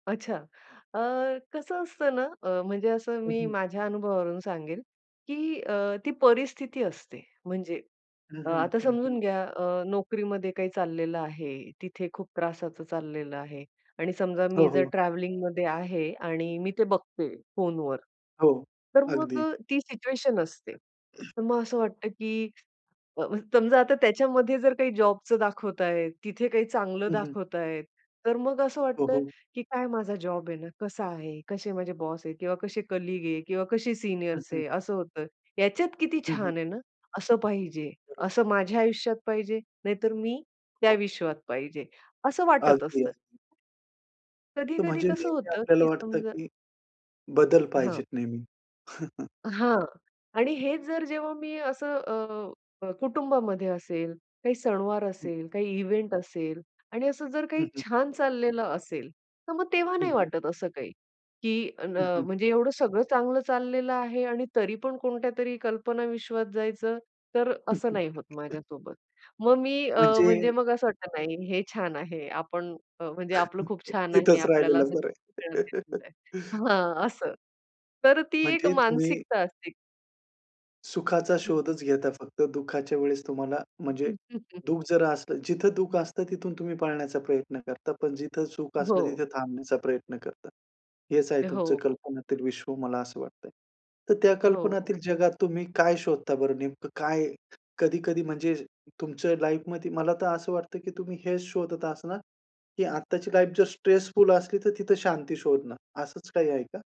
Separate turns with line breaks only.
अच्छा, अ, कसं असतं ना, अ, म्हणजे असं
हं,
मी
हं.
माझ्या अनुभवावरून सांगेल, की अ, ती परिस्थिती असते म्हणजे,
हं,
अ,
हं,
आता
हं, हं.
समजून घ्या अ, नोकरीमध्ये काय चाललेलं आहे, तिथे खूप त्रासाचं चाललेलं आहे आणि समजा
हो,
मी जर
हो.
ट्रॅव्हलिंगमध्ये आहे आणि मी ते बघते फोनवर,
हो,
तर मग
अगदी.
अ, ती सिच्युएशन असते. तर मग असं वाटतं, की अ, समजा, आता त्याच्यामध्ये जर काही जॉबचं दाखवतायेत. तिथे काही चांगलं
हं, हं.
दाखवतायेत, तर मग असं
हो,
वाटतं,
हो.
की काय माझा जॉब आहे ना, कसा आहे, कसे माझे बॉस आहेत किंवा कसे कलीग आहे किंवा कशी
हं,
सीनियर्स
हं.
आहे असं होतं. ह्याच्यात किती
हं, हं.
छान आहे ना असं पाहिजे.
बरोबर.
असं माझ्या आयुष्यात पाहिजे नाहीतर मी त्या
हो.
विश्वात पाहिजे असं वाटत
अगदी,
असतं.
अगदी. तर
कधी-कधी
म्हणजे
कसं
नेहमी
होतं,
आपल्याला
की
वाटतं,
समजा
की बदल
हां.
पाहिजेत नेहमी. हं, हं.
हां, आणि हेच जर जेव्हा मी असं अ, अ, कुटुंबामध्ये असेल, काही सणवार
हं.
असेल, काही इव्हेंट असेल आणि असं जर काही
हं, हं.
छान चाललेलं असेल. तर मग तेव्हा
हं,
नाही
हं.
वाटत असं काही, की न
हं,
अ,
हं.
म्हणजे एवढं सगळं चांगलं चाललेलं आहे आणि तरीपण कोणत्यातरी कल्पना विश्वात जायचं, तर असं नाही होत माझ्यासोबत. मग मी अ,
म्हणजे
म्हणजे मग असं वाटतं, नाही हे छान आहे. आपण अ, म्हणजे आपलं खूप छान आहे.
इथचं
आपल्याला
राहिलेलं
[unintelligible]
बरं
राहिलेलं
आहे.
बरं हां, असं. तर ती एक
म्हणजे तुम्ही
मानसिकता असते.
सुखाचा
हं, हं.
शोधच घेता फक्त. दुःखाच्या वेळेस तुम्हाला म्हणजे
हं, हं, हं
दुःख जरा असलं जिथं दुःख असतं तिथून तुम्ही पाळण्याचा प्रयत्न करता, पण जिथं सुख असलं
हो.
तिथे थांबण्याचा प्रयत्न करता. हेच आहे
अ,
तुमचं
हो, हो.
कल्पनातील विश्व मला असं वाटतं आहे. तर त्या
हो, हो.
कल्पनातील जगात तुम्ही काय शोधता बरं नेमकं काय, कधी-कधी म्हणजे तुमचं लाईफमध्ये. मला तर असं वाटतं, की तुम्ही हेच शोधत असणार, की आत्ताची लाईफ जर स्ट्रेसफुल असली, तर तिथं शांती शोधणार असंच काही आहे का?